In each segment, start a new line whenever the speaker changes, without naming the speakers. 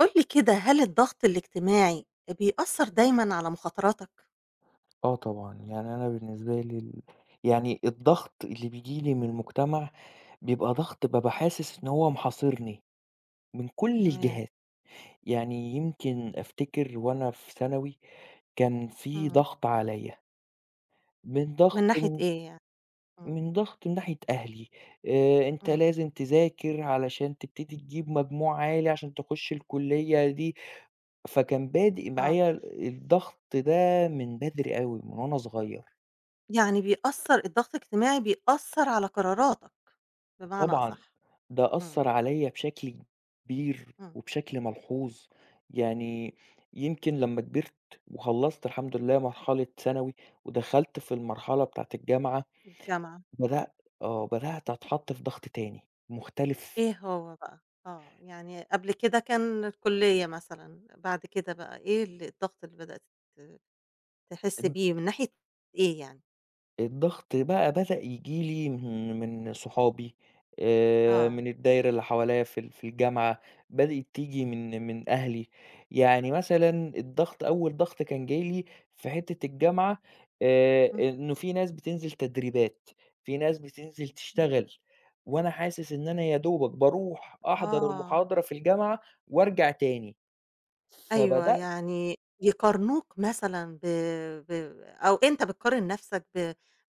قُل لي كده، هل الضغط الاجتماعي أ بيأثّر دايمًا على مخاطراتك؟
آه طبعًا، يعني أنا بالنسبة لي ال يعني الضغط اللي بييجي لي من المجتمع بيبقى ضغط بابقى حاسس إن هو محاصرني، من كل
تمام.
الجهات يعني يمكن أفتكر وأنا في ثانوي كان في
إمم.
ضغط عليّا. من ضغط
من ناحية
من
إيه يعني؟ إمم.
من ضغط من ناحية أهلي آآ أنت
إمم.
لازم تذاكر علشان تبتدي تجيب مجموع عالي، عشان تخش الكلية دي فكان بادئ
آه.
معايا الضغط ده من بدري أوي ومن أنا صغير.
يعني بيأثّر الضغط الاجتماعي بيأثّر على قراراتك بمعنى
طبعًا
أصح،
ده
إمم.
أثّر عليّا بشكل كبير
إمم..
وبشكل ملحوظ، يعني يمكن لمّا كبرت وخلّصت الحمد لله مرحلة ثانوي ودخلت في المرحلة بتاعة الجامعة
الجامعة.
بدأ آه بدأت أتحط في ضغط تاني مختلف.
إيه هو بقى؟ آه، يعني قبل كده كان الكلية مثلًا بعد كده بقى إيه ال الضغط اللي بدأت ت تحس
إن
بيه من ناحية إيه يعني؟
الضغط بقى بدأ ييجي لي من من صحابي آآ،
آه.
من الدايرة اللي حواليّا في ال في الجامعة، بدأت تيجي من من أهلي، يعني مثلًا الضغط أول ضغط كان جاي لي في حِتّة الجامعة آآ،
إمم.
إنه في ناس بتنزِل تدريبات، في ناس بتنزِل
إمم.
تشتغل وأنا حاسس إن أنا يا دوبك بارُوح أحضَر
آه.
المحاضرة في الجامعة وأرجع تاني،
أيوه،
فبدأت
يعني يقارنوك مثلًا ب ب أو أنت بتقارن نَفْسك ب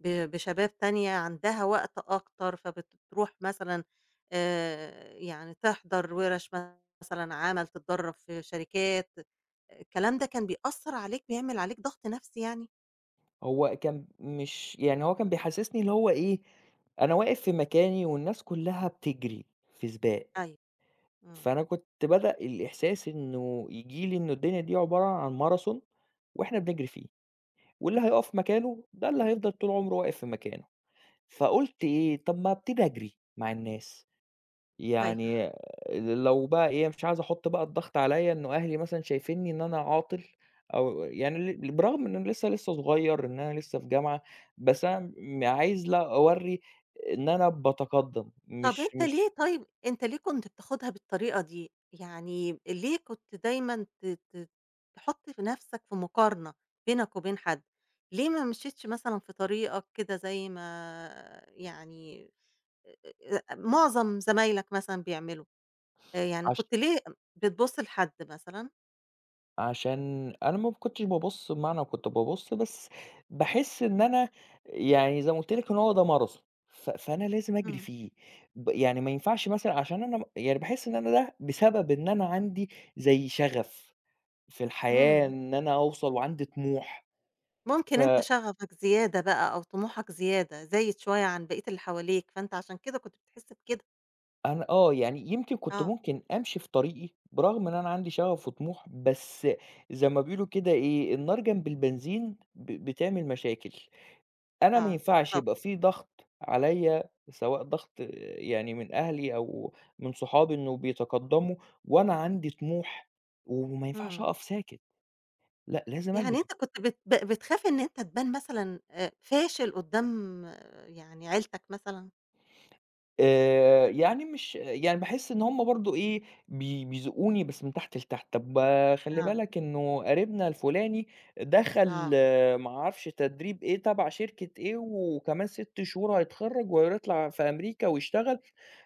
ب بشباب تانية عندها وقت أكتر فبترُوح مثلًا آآ يعني تحضَر وِرش مثلًا عمل، تتدرّب في شركات، الكلام ده كان بيأثّر عليك، بيعمل عليك ضغط نَفْسي يعني؟
هو كان مش يعني هو كان بيحسّسني اللي هو إيه، أنا واقف في مكاني والناس كلّها بتجري في سباق،
أيوه.
فأنا
إمم.
كنت بدأ الإحساس إنه ييجي لي إنه الدنيا دي عبارة عن Marathon وإحنا بنجري فيه واللي هيقف مكانه ده اللي هيفضَل طول عُمره واقف في مكانه، فقُلت إيه، طَب ما أبتدي أجري مع الناس،
أيوه.
يعني ل لو بقى إيه مش عايز أحُط بقى الضغط عليَّ إنه أهلي مثلًا شايفينّي إن أنا عاطل أو و يعني ل ل برغم إن أنا لسه لسه صغيّر، إن أنا لسه في جامعة، بس أنا م عايز لا أورّي إن أنا باتقدّم
طَب
مش
أنت
مش
ليه طيب أنت ليه كنت بتاخُدها بالطريقة دي، يعني ليه كنت دايمًا ت ت تحُط في نَفْسك في مقارنة بينك وبين حد، ليه ما مشيتش مثلًا في طريقك كده زي ما يعني آآ آآ لأ، معظم زمايلك مثلًا بيعملوا آآ يعني
عش
كنت ليه أم بتبُص لحد مثلًا؟
عشان أنا م ما كنتش بابُص بمعنى كُنت بابُص بس، باحِس إن أنا، يعني زي ما قُلت لِك إنه هو ده ماراثون ف فأنا لازم أجري
امم.
فيه، ب يعني ما ينفعش مثلًا عشان أنا يعني باحِس إن أنا ده بسبب إن أنا عندي، زي شغف، في الحياة
امم.
إن أنا أوصل وعندي طموح،
ممكن
ف
أنت شَغفك زيادة بقى أو طموحك زيادة، زايد شويّة عن بقية اللي حواليك فأنت عشان كده كُنت بتحس بكده.
أنا آه يعني يمكن كُنت
آه.
ممكن أمشي في طريقي، برغم إن أنا عندي شَغف وطموح بس، زي ما بيقولوا كده إيه النار جنب البنزين، ب بتعمل مشاكل، أنا ما
آه
ينفعش
بالضبط.
يبقى في ضغط، عليّا سواء ضغط يعني من أهلي أو من صحابي إنه بيتقدموا، وأنا عندي طموح، و وما ينفعش
امم.
أقف ساكت، لأ لازم
يعني
أجري.
أنت كُنت بت بتخاف إن أنت تبان مثلًا آآ فاشل قُدام يعني عيلتك مثلًا؟
آآ يعني مش يعني باحِس إن هُم برضه إيه، بي بيذوقوني بس من تحت لتحت، طَب خلِّ
[unintelligible]
بالك إنه قريبنا الفلاني دخل
آه.
ما أعرفش تدريب إيه تبع شركة إيه و وكمان 6 شهور هيتخرج وهير يطلع في أمريكا ويشتغل،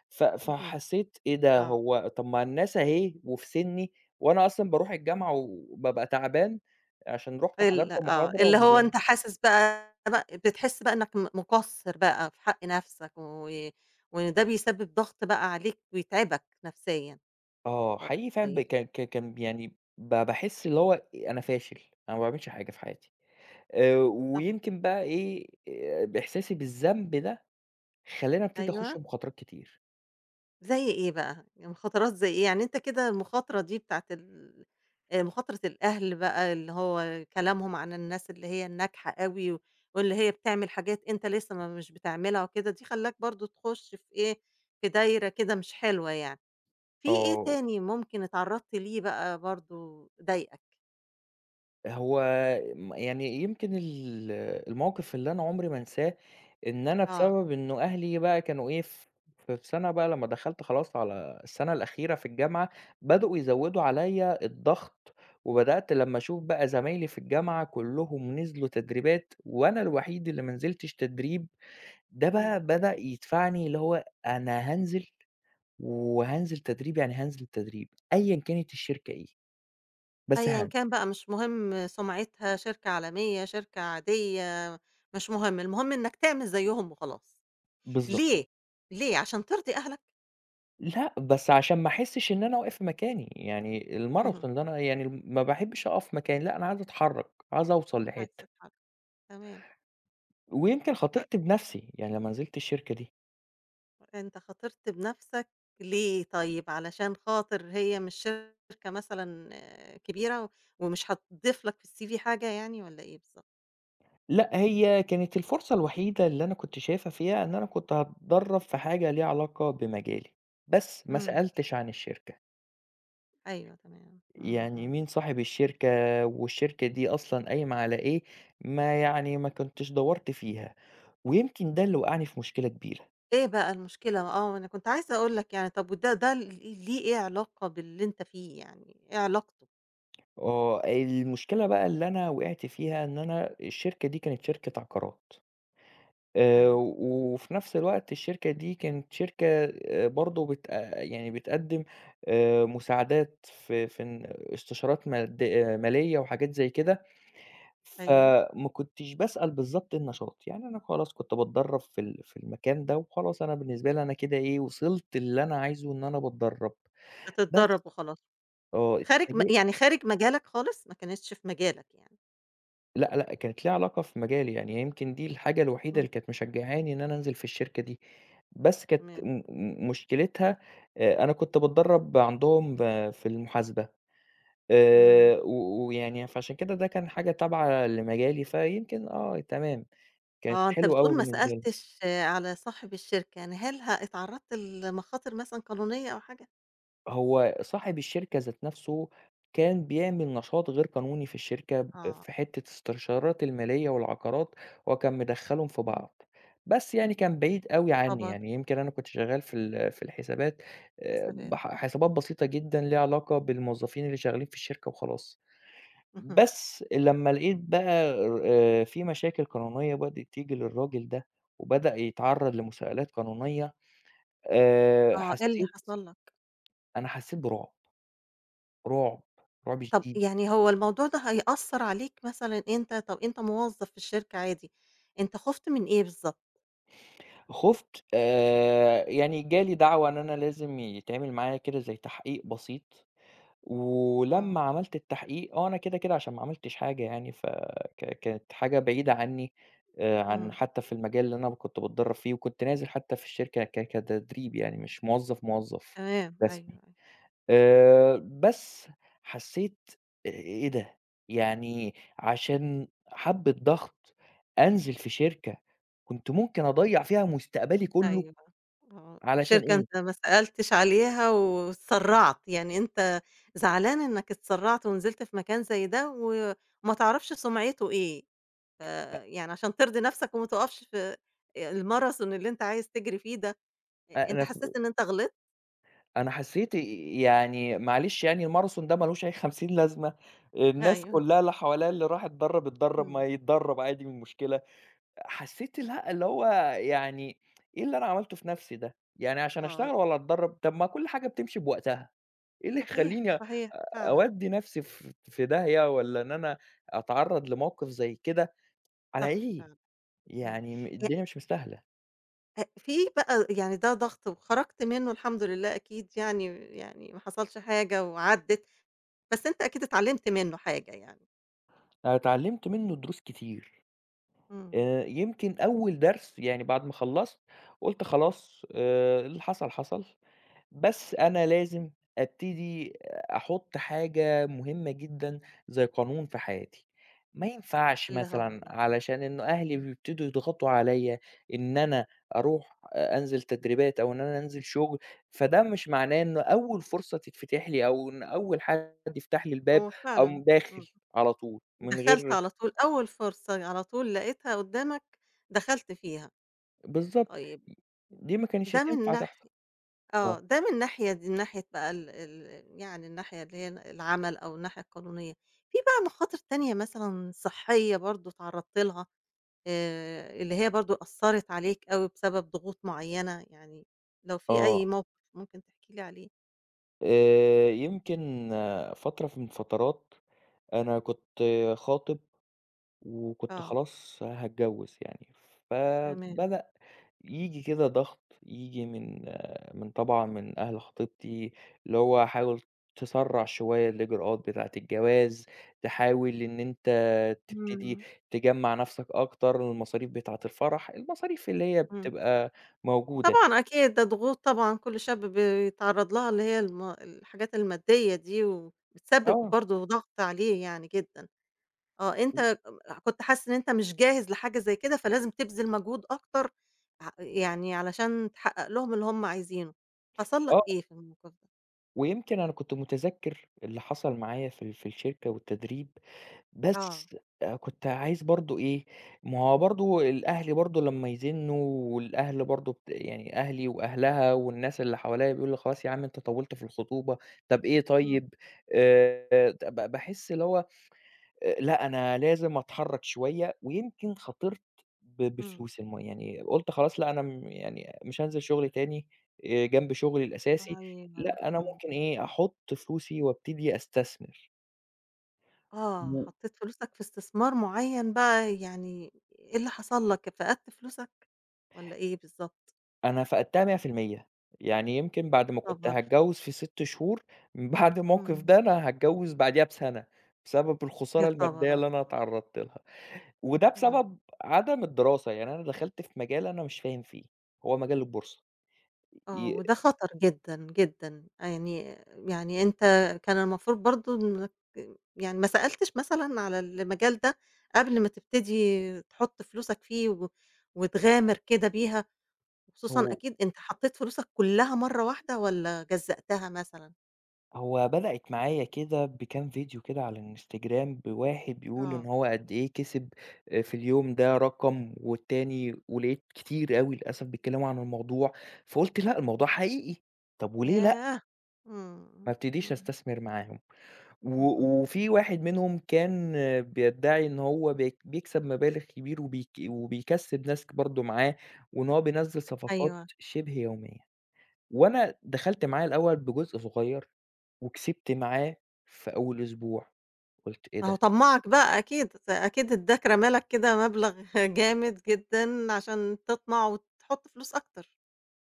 ف
اهم،
فحسيت إيه ده
آه.
هو طَب ما الناس أهي وفي سني، وأنا أصلًا باروح الجامعة و وبابقى تعبان، عشان رُحت حضرت
ال آه اللي
محاضرة.
هو
[unintelligible]
أنت حاسس بقى ب بتحس بقى إنك م مقصر بقى في حق نَفْسك و وإن ده بيسبب ضغط بقى عليك ويتعبك نَفْسيًا،
آه
[unintelligible]
حقيقي فعلًا ب
طيّب.
ك ك كان يعني، ب باحِس اللي هو أ أنا فاشل أنا ما باعملش حاجة في حياتي، آآ
طَب
ويمكن بقى إيه آآ بإحساسي
امم.
بالذنب ده، خلاني أبتدي أخش
أيوَه.
مخاطرات كتير.
زي إيه بقى، يعني مخاطرات زي إيه؟ يعني أنت كده المخاطرة دي بتاعة ال آآ، مخاطرة الأهل بقى اللي هو كلامهم عن الناس اللي هي الناجحة أوي و واللي هي بتعمل حاجات أنت لسّه ما مش بتعملها وكده دي خلّاك برضه تخُش في إيه، في دايرة كده مش حلوة يعني. في إيه
آه.
تاني ممكن اتعرّضت ليه بقى برضه ضايقك؟
هو م يعني يمكن ال الموقِف اللي أنا عمري ما أنساه إن أنا
آه.
بسبب إنه أهلي بقى كانوا إيه ف في في سَنة بقى لمّا دخلت خلاص على السَنة الأخيرة في الجامعة بدؤوا يزوّدوا عليّا الضغط وبدأت لمّا أشوف بقى زمايلي في الجامعة كُلّهم نزلوا تدريبات وأنا الوحيد اللي ما نزلتش تدريب، ده
إمم.
بقى بدأ يدفعني اللي هو أنا هانزل وهانزل تدريب يعني هانزل تدريب أيًا كانت الشركة إيه، بس
أيًا
هانز
كان بقى مش مهم سُمعتها، شركة عالمية، شركة عادية مش مهم، المهم إنّك تعمل زيّهم وخلاص
بالضبط.
ليه، ليه عشان ترضي أهلك؟
لأ بس عشان ما أحسش إن أنا واقف مكاني يعني
أها.
الماراثون ده أنا يعني ما باحبش أقف مكاني لأ أنا عايز أتحرك، عايز أوصل
عايز
لحتة.
تتحرك تمام.
ويمكن
ت
خاطرت بنَفْسي يعني لمّا نزلت الشركة دي.
أنت خاطرت بنَفْسك ليه طيّب، علشان خاطر هي مش شركة مثلًا آآ كبيرة ومش هتضيفلك في الCV حاجة يعني والّا إيه بالضبط؟
لأ هي كانت الفرصة الوحيدة اللي أنا كنت شايفها فيها، إن أنا كنت هاتدرب في حاجة ليها علاقة بمجالي، بس ما
إمم.
سألتش عن الشركة.
أيوه تمام إمم
يعني
إمم.
مين صاحب الشركة والشركة دي أصلًا قايمة على إيه، ما يعني ما كنتش دوّرت فيها ويمكن ده اللي وقعني في مشكلة كبيرة.
إيه بقى المشكلة آه ما أنا كنت عايزة أقول لك يعني طَب وده ده ليه إيه علاقة باللي أنت فيه يعني إيه علاقته؟
آه المشكلة بقى اللي أنا وقعت فيها إن أنا الشركة دي كانت شركة عقارات، آآ
أيوه.
وفي نَفْس الوقت الشركة دي كانت شركة آآ برضه بت آآ يعني بتقدّم آآ مساعدات في في ن استشارات ماد مالية وحاجات زي كده
أيوه.
فما كنتش باسأل بالضبط النشاط يعني أنا خلاص كنت باتدرب في ال في المكان ده وخلاص أنا بالنسبة لي أنا كده إيه وصلت اللي أنا عايزه إن أنا باتدرب بس
بتدرّب وخلاص
آه
خارج م
إتفاجئت.
يعني خارج مجالك خالص ما كانتش في مجالك يعني.
لأ، لأ، كانت ليها علاقة في مجالي، يعني يمكن دي الحاجة الوحيدة
إمم.
اللي كانت مشجّعاني إن أنا أنزل في الشركة دي، بس كانت
تمام.
م م مشكلتها آآ، أنا كنت باتدرّب عندهم ب في المحاسبة
إمم.
آآ، و ويعني فعشان كده ده كان حاجة تابعة لمجالي، فيمكن آه تمام، كانت
آه، أنت
حلوة أوي
بتقول ما
بالنسبة لي.
سألتش على صاحب الشركة، يعني هل ه اتعرّضت لمخاطر مثلًا قانونية أو حاجة؟
هو صاحب الشركة ذات نَفْسه كان بيعمل نشاط غير قانوني في الشركة ب
آه.
في حتّة استشارات المالية والعقارات، هو كان مدخّلهم في
إمم.
بعض، بس يعني كان بعيد
يا
أوي عنّي،
خبر!
يعني يمكن أنا كنت شغّال في ال في الحسابات آآ،
حسابات.
بح حسابات بسيطة جدًا ليها علاقة بالموظّفين اللي شغّالين في الشركة وخلاص.
اهم.
بس لمّا لقيت بقى آآ، في مشاكل قانونية بدئت تيجي للراجل ده وبدأ يتعرّض لمُساءلات قانونية، آآ،
آه، إيه اللي
حسّيت
حصل لك؟
أنا حسّيت برُعب، رُعب، رُعب
طَب
شديد.
يعني هو الموضوع ده هيأثّر عليك مثلًا أنت، طَب أنت موظّف في الشركة عادي، أنت خُفت من إيه بالضبط؟
خُفت آآ يعني جا لي دعوة إن أنا لازم يتعمل معايا كده زي تحقيق بسيط
آه.
ولمّا عملت التحقيق آه أنا كده كده عشان ما عملتش حاجة يعني ف ك كانت حاجة بعيدة عني آآ عن
إمم.
حتى في المجال اللي أنا كنت باتدرب فيه وكنت نازل حتى في الشركة ك كتدريب يعني مش موظف، موظف
تمام أيوه
رسمي
أيوه.
آآ بس حسيت إيه ده يعني عشان حبّة ضغط أنزل في شركة كنت ممكن أضيّع فيها مستقبلي كله
أيوه آه
علشان
شركة
إيه؟
أنت ما سألتش عليها و واتسرعت يعني أنت زعلان إنك اتسرعت ونزلت في مكان زي، ده وما تعرفش سمعته إيه
أ
آآ يعني عشان ترضي نفسك وما تُقفش في آآ الماثرون اللي أنت عايز تجري فيه ده أنت حسيت
[unintelligible]
إن أنت غلط؟
أنا حسيت آآ يعني معلش يعني الماراثون ده ما لوش أي خمسين لازمة الناس
أيوه.
كلها اللي حواليا اللي راح اتدرب اتدرب، ما
إمم.
يتدرب عادي إيه المشكلة حسيت الها اللي هو يعني إيه اللي أنا عملته في نفسي ده يعني عشان
آه
أشتغل
ي
والّا أتدرب طَب ما كل حاجة بتمشي بوقتها إيه اللي
صحيح
يخليني أ
صحيح فعلًا.
أوّدي نفسي في في داهيّة والّا إن أنا أتعرض لموقف زي كده على
صح
إيه
فعلًا إمم
يعني م
[unintelligible]
الدنيا مش مستاهلة.
آآ، في بقى يعني ده ضغط وخرَجت منّه الحمد لله أكيد يعني، يعني ما حصلش حاجة وعدِّت بس أنت أكيد اتعلمت منّه حاجة يعني.
أنا اتعلمت منّه دروس كتير،
إمم.
آآ، يمكن أوّل درس، يعني بعد ما خلّصت، قُلت خلاص، آآ، اللي حصل، حصل، بس أنا لازم أبتدي أحُطّ حاجة مهمة جدًا، زي قانون في حياتي، ما ينفعش
اللي هو
مثلًا،
إيه، آه.
علشان إن أهلي
امم.
بيبتدوا يضغطوا عليَّ إن أنا أرُوح أ أنزل تدريبات، أو إن أنا أنزل شغل، فده مش معناه إن أوّل فرصة تتفتح لي، أو إن أوّل حد يفتح لي الباب،
هو فعلًا
أقوم داخل
إمم،
على طول من
دَخلت
غير
على طول أوّل فرصة على طول لقيتها قُدَّامك دخلت فيها،
بالضبط،
طيّب
دي مكانش
ده من
تنفع
ناح
تحصل.
آه، ده من ناحية من ناحية بقى ال ال يعني الناحية اللي هي ال العَمَل أو الناحية القانونية، في بقى مخاطر تانية مثلًا صحّية برضه اتعرضت لها آآ، اللي هي برضه أثّرت عليك أوي بسبب ضغوط معيّنة، يعني لو في أي
آه.
موقف ممكن تحكي لي عليه؟
آآ، يمكن فترة من الفترات أنا كنت خاطب وكنت
آه.
خلاص هاتجوِّز يعني،
تمام.
فبدأ ييجي كده ضَغْط، ييجي من من طبعًا من أهل خطيبتي اللي هو حاول تسرّع شوية الإجراءات بتاعة الجواز، تحاول إن أنت تبتدي
إمم.
تجمّع نَفْسك أكتر المصاريف بتاعة الفرح، المصاريف اللي هي
إمم.
بتبقى موجودة.
طبعًا أكيد، ده ضغوط طبعًا كل شاب بيتعرّض لها اللي هي الم الحاجات المادّية دي وبتسبّب
آه.
برضه ضَغْط عليه يعني جدًا. آه، أنت كم أح كنت حاسس إن أنت مش جاهز لحاجة زي كده فلازم تبذل مجهود أكتر ع يعني علشان تحقّق لهم اللي هم عايزينه، حصل لك
آه.
إيه في؟ [unintelligible]
ويمكن أنا كنت مُتذكِّر اللي حصل معايا في ال في الشركة والتدريب،
آه.
بس آآ، كنت عايز برضه إيه، ما هو برضه الأهل برضه لمّا يزنّوا والأهل برضه ت يعني أهلي وأهلها والناس اللي حواليّا بيقولوا لي: "خلاص يا عَم أنت طوّلت في الخطوبة، طَب إيه
إمم.
طيب؟"، آآ، د ب ب باحس اللي هو آآ، لأ، أنا لازم أتحرّك شوية ويمكن خاطرت ب
إمم.
بفلوس الم يعني قُلت خلاص لأ، أنا م يعني مش هانزل شُغل تاني آآ، جنب شُغلي الأساسي
أيوه،
لأ، أنا
إمم.
ممكن إيه، أحُط فلوسي وأبتدي أستثمر.
آه،
م
حطّيت فلوسك في استثمار معيّن بقى يعني إيه اللي حصل لك، فقدْت فلوسك والّا إيه بالضبط؟
أنا فقدتها 100% يعني يمكن بعد
يا
ما كنت
خبر!
هاتجوز في 6 شهور من بعد الموقف
إمم.
ده أنا هاتجوز بعديها بسنة، بسبب
يا
الخسارة
خبر
المادية اللي أنا
أبيض!
اتعرضت لها، وده
آه.
بسبب عدم الدراسة يعني أنا دخَلت في مجال أنا مش فاهم فيه، هو مجال البورصة
آه،
ي
وده خطر جدًا، جدًا يعني، يعني أنت كان المفروض برضه إنك يعني ما سألتش مثلًا على المجال ده، قبل ما تبتدي تُحط فلوسك فيه و وتغامر كده بيها، وخصوصًا
هو
أكيد أنت حطيت فلوسك كُلّها مرّه واحدة والَّا جزَّأتها مثلًا؟
هو بدأِت معايا كده بكام فيديو كده على الInstagram بواحد بيقول إن
آه.
هو قد إيه كسب في اليوم ده رقم، والتاني ولقيت كتير أوي للأسف بيتكلموا عن الموضوع فقُلت لأ، الموضوع حقيقي طَب وليه لأ؟
ياه! إمم،
ما
إمم،
أبتديش
إمم.
أستثمر معاهم، و
اهم.
وفي واحد منهم كان بيدّعي إنه هو بيك بيكسب مبالغ كبير وبيك وبيكسِّب ناس برضه معاه، وإن هو بينزّل صفقات
أيوه.
شبه يومية، وأنا دخلت معاه الأول بجزء صغيّر وكسبت معاه في أول أسبوع، قُلت إيه
ما هو
ده؟!
طمَّعك بقى أكيد، أكيد ادّاك رمى لك كده مبلغ جامد جدًا، عشان تطمع وتُحط فلوس أكتر.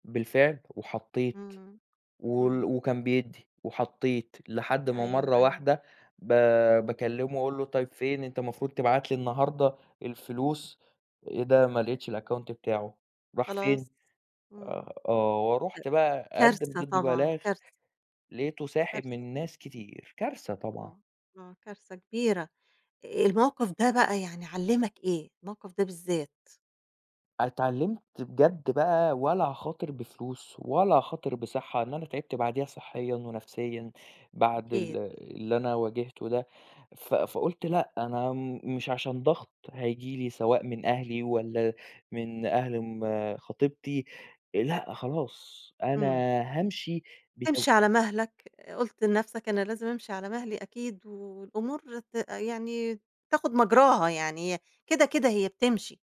بالفعل، وحطيت،
امم،
وال
امم.
وكان بيدّي، وحطيت لحد ما
أيوَه،
مرّه
أيوَه.
واحدة، ب باكلّمه وأقول له طيّب فين أنت المفروض تبعت لي النهارده الفلوس، إيه ده ما لقيتش الأكاونت بتاعه، راح فين،
خلاص، امم،
آآ آه
لأ،
ورُحت بقى أقدِّم
كارثة
ضده
طبعًا
بلاغ،
كارثة.
لقيته
كارثة.
ساحب من ناس كتير، كارثة طبعًا.
آه، آه كارثة كبيرة، آآ، الموقف ده بقى يعني علّمك إيه، الموقف ده بالذات؟
اتعلمت بجد بقى ولا هاخاطر بفلوس، ولا هاخاطر بصحة، لأن أنا تعبت بعديها صحيًا ونَفْسيًا، بعد
أكيد.
ال اللي أنا واجهته ده، ف فقُلت لأ أنا م مش عشان ضغط هييجي لي سواء من أهلي والَّا، من أهل آمم خطيبتي، لأ خلاص، أنا
امم.
هامشي بتو
تمشي على مهلك، قُلت لنَفْسك أنا لازم أمشي على مهلي أكيد و والأمور ت يعني، تاخد مجراها يعني هي كده، كده هي بتمشي،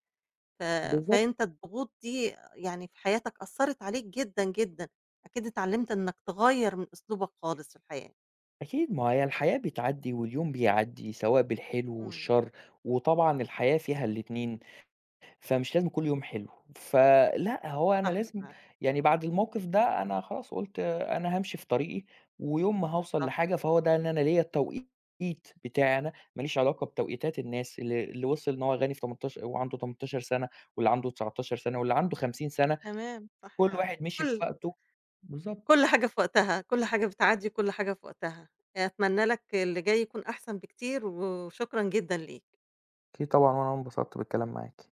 ف
بالضبط.
فأنت الضغوط دي يعني في حياتك أثّرِت عليك جدًا، جدًا، أكيد اتعلمت إنك تغيّر من أسلوبك خالص في الحياة.
أكيد ما هي الحياة بتعدّي، واليوم بيعدّي سواء بالحلو
امم.
والشر، وطبعًا الحياة فيها الإتنين، فمش لازم كُلّ يوم حلو، ف لأ هو أنا
صح
لازم،
فعلًا.
يعني بعد الموقف ده أنا خلاص قُلت أنا هامشي في طريقي، ويوم ما هاوصل
بالضبط.
لحاجة فهو ده إن أنا ليّا التوقيت بتاعي أنا، ما ليش علاقة بتوقيتات الناس اللي اللي وصل إن هو غني في تمنتاش وهو عنده 18 سنة واللي عنده 19 سنة واللي عنده 50 سنة،
تمام، صح
كُل
فعلًا،
واحد مِشِي في
كُلّ
وقته بالضبط.
كُلّ حاجة في وقتها، كُلّ حاجة بتعدّي وكُلّ حاجة في وقتها، آآ، أتمنى لك اللي جاي يكون أحسن بكتير، و وشكرا جدًا ليك.
أكيد طبعًا وأنا انبسطت بالكلام معاكِ.